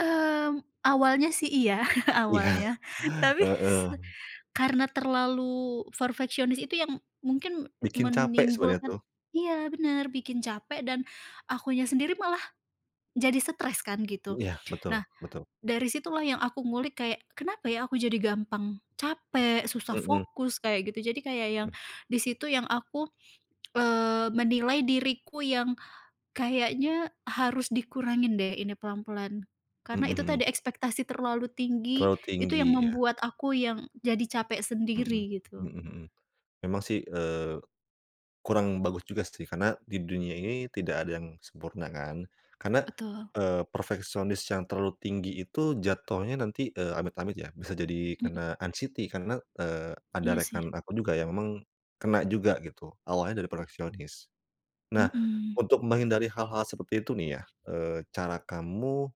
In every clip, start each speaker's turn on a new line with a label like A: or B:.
A: Mmm, awalnya sih iya,
B: Iya.
A: awalnya. Tapi s
B: Heeh.
A: karena terlalu perfeksionis itu yang mungkin
B: Bikin capek sebenarnya
A: menimbulkan
B: tuh.
A: iya benar, bikin capek dan akunya sendiri malah jadi stress kan gitu.
B: Iya betul,
A: Nah,
B: betul.
A: dari situlah yang aku ngulik kayak, kenapa ya aku jadi gampang capek, susah
B: Mhm.
A: fokus kayak gitu. Jadi kayak yang
B: Mhm.
A: di situ yang aku, eee, menilai diriku yang kayaknya harus dikurangin deh ini pelan-pelan. Karena itu
B: Mhm.
A: tadi, ekspektasi terlalu tinggi,
B: Terlalu
A: itu
B: tinggi
A: yang
B: ya.
A: membuat aku yang jadi capek
B: Mhm,
A: sendiri,
B: mhm
A: gitu.
B: mhm. Memang sih, eee, kurang bagus juga sih karena di dunia ini tidak ada yang sempurna kan. Karena,
A: Betul.
B: eee, perfeksionis yang terlalu tinggi itu jatuhnya nanti eee, amit-amit ya, bisa jadi
A: Mhm.
B: kena anxiety karena, eee, ada
A: Iya sih.
B: rekan aku juga yang memang kena juga gitu awalnya dari perfeksionis. Nah,
A: Mhm.
B: untuk menghindari hal-hal seperti itu nih ya, eee, cara kamu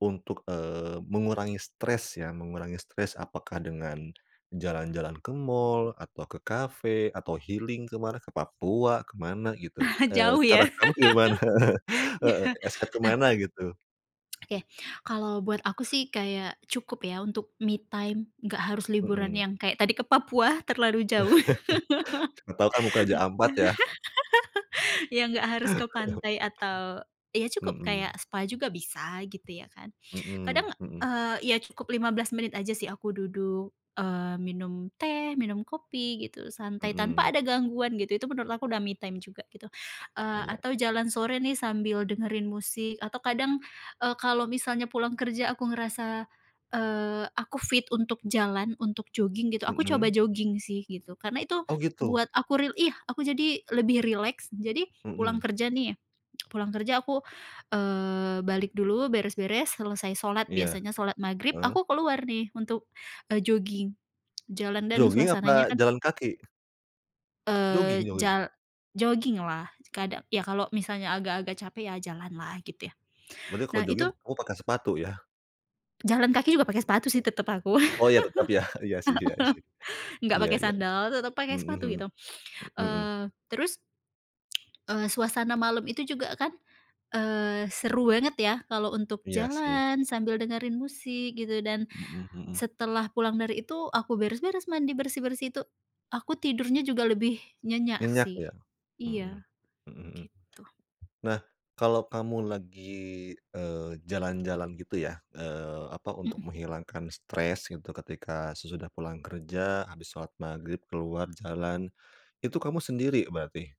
B: untuk, eee, mengurangi stres ya, mengurangi stres apakah dengan jalan-jalan ke mall, atau ke cafe, atau healing ke mana, ke Papua, ke mana gitu? Eee,
A: Jauh
B: cara
A: ya?
B: kamu gimana?
A: Ya,
B: Heeh, escape ke
A: nah
B: mana gitu?
A: Oke, kalau buat aku sih kayak cukup ya untuk me time. Nggak harus liburan
B: Mhm.
A: yang kayak tadi ke Papua terlalu jauh.
B: Siapa tau kamu ke Raja Ampat ya.
A: Eng ya nggak harus ke pantai atau ya cukup kayak
B: Mhm.
A: spa juga bisa gitu, ya kan. Kadang,
B: Mhm, mhm.
A: eee, ya cukup 15 menit aja sih aku duduk, eee, minum teh, minum kopi gitu, santai, tanpa
B: Mhm.
A: ada gangguan gitu. Itu menurut aku udah me time juga gitu. Eee,
B: Iya.
A: atau jalan sore nih sambil dengerin musik atau kadang, eee, kalau misalnya pulang kerja aku ngerasa, eee, aku fit untuk jalan, untuk jogging gitu, aku coba
B: Mhm.
A: jogging sih gitu. Karena itu
B: Oh gitu.
A: buat aku ril iya aku jadi lebih rileks. Jadi pulang
B: Mhm.
A: kerja nih, pulang kerja aku, eee, balik dulu, beres-beres, selesai sholat
B: Iya.
A: biasanya sholat maghrib
B: Heeh.
A: aku keluar nih untuk, eee, jogging jalan dan
B: Jogging
A: suasananya
B: apa
A: kan
B: jalan kaki?
A: Eee,
B: Jogging jogging.
A: jal jogging lah. kada ya kalau misalnya agak-agak capek ya jalan lah gitu ya.
B: Berarti kalau
A: Nah itu
B: jogging kamu pakai sepatu ya?
A: Jalan kaki juga pakai
B: Mhm.
A: sepatu sih tetap aku, heeh,
B: Oh ya tetap ya. Iya sih iya sih.
A: nggak
B: Iya
A: pakai
B: iya.
A: sandal, tetap pakai
B: Mhm
A: sepatu
B: mhm,
A: gitu.
B: mmm, mhm.
A: Eee, terus Eee, suasana malam itu juga kan, eee, seru banget ya kalau untuk
B: Iya sih.
A: jalan sambil dengerin musik gitu, dan
B: Mhm mhm.
A: setelah pulang dari itu aku beres-beres, mandi, bersih-bersih, itu aku tidurnya juga lebih nyenyak
B: Nyenyak
A: sih.
B: ya. Mhm,
A: Iya
B: mhm mhm.
A: gitu.
B: Nah, kalau kamu lagi, eee, jalan-jalan gitu ya, eee, apa, untuk
A: Mhm.
B: menghilangkan stress gitu ketika sesudah pulang kerja, habis sholat Maghrib, keluar jalan, itu kamu sendiri berarti?